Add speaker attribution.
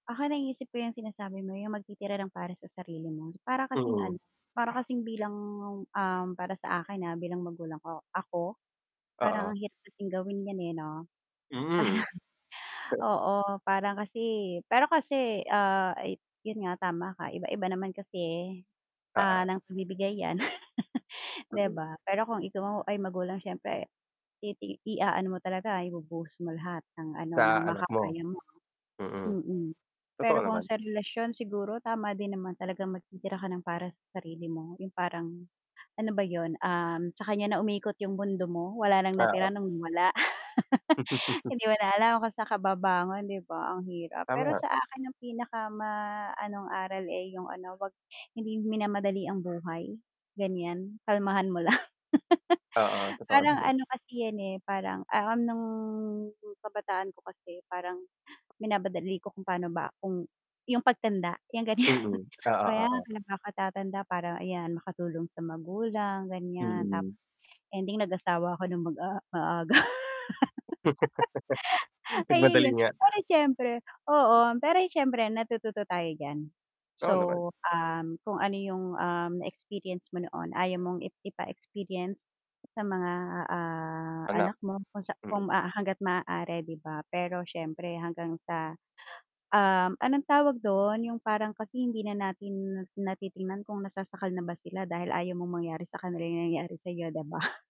Speaker 1: Ako, naiisip ko yung sinasabi mo yung magtitira ng para sa sarili mo. Para kasing ano,
Speaker 2: Mm.
Speaker 1: para kasing bilang, um, para sa akin, ah, bilang magulang ko ako,
Speaker 2: Oo.
Speaker 1: parang ang hirap kasing gawin yan eh, 'no.
Speaker 2: Hmm.
Speaker 1: Parang oo, parang kasi pero kasi, ah, ay yun nga tama ka iba-iba naman kasi, ah,
Speaker 2: Oo.
Speaker 1: ng pagbibigay yan. 'Di ba? Pero kung ikaw ay magulang siyempre, titi iaano mo talaga ibubuhos mo lahat ng ano ng
Speaker 2: Sa anak mo?
Speaker 1: makakaya mo.
Speaker 2: Mm.
Speaker 1: Mm.
Speaker 2: Totoo
Speaker 1: Pero kung
Speaker 2: naman.
Speaker 1: sa relasyon siguro tama din naman talagang magtitira ka ng para sa sarili mo, yung parang, ano ba yun, um, sa kanya na umikot yung mundo mo wala ng
Speaker 2: Oo.
Speaker 1: natira nung nawala? Hindi mo na alam kung san ka babangon, 'di ba, ang hirap.
Speaker 2: Tama
Speaker 1: Pero
Speaker 2: nga.
Speaker 1: sa akin, yung pinaka ma anong aral eh yung ano 'wag hindi minamadali ang buhay, gan'yan. Kalmahan mo lang.
Speaker 2: Oo, totoo
Speaker 1: Parang
Speaker 2: naman.
Speaker 1: ano kasi yan eh parang, ah, nung kabataan 'ko kasi parang minamadali ko kung pa'no ba kung yung pagtanda, yan ganyan.
Speaker 2: Mm. Oo,
Speaker 1: Kaya
Speaker 2: oo.
Speaker 1: pinagkatatanda para ayan makatulong sa magulang gan'yan
Speaker 2: Mm.
Speaker 1: tapos, ending nag-asawa ako nung mag, ah, maaga.
Speaker 2: Nagmadali
Speaker 1: Ayun yun,
Speaker 2: nga.
Speaker 1: pero siyempre oo, pero siyempre natututo tayo diyan.
Speaker 2: Oo naman.
Speaker 1: So, um, kung ano yung, um, experience mo noon, ayaw mong i ipa-experience sa mga, ah,
Speaker 2: Anak.
Speaker 1: anak mo kung sa kung
Speaker 2: Mm.
Speaker 1: hangga't maaari, 'di ba? Pero siyempre hanggang sa, um, anong tawag dun yung parang kasi hindi na natin natitingnan kung nasasakal na ba sila dahil ayaw mong mangyari sa kanila yung nangyari, sayo 'di ba?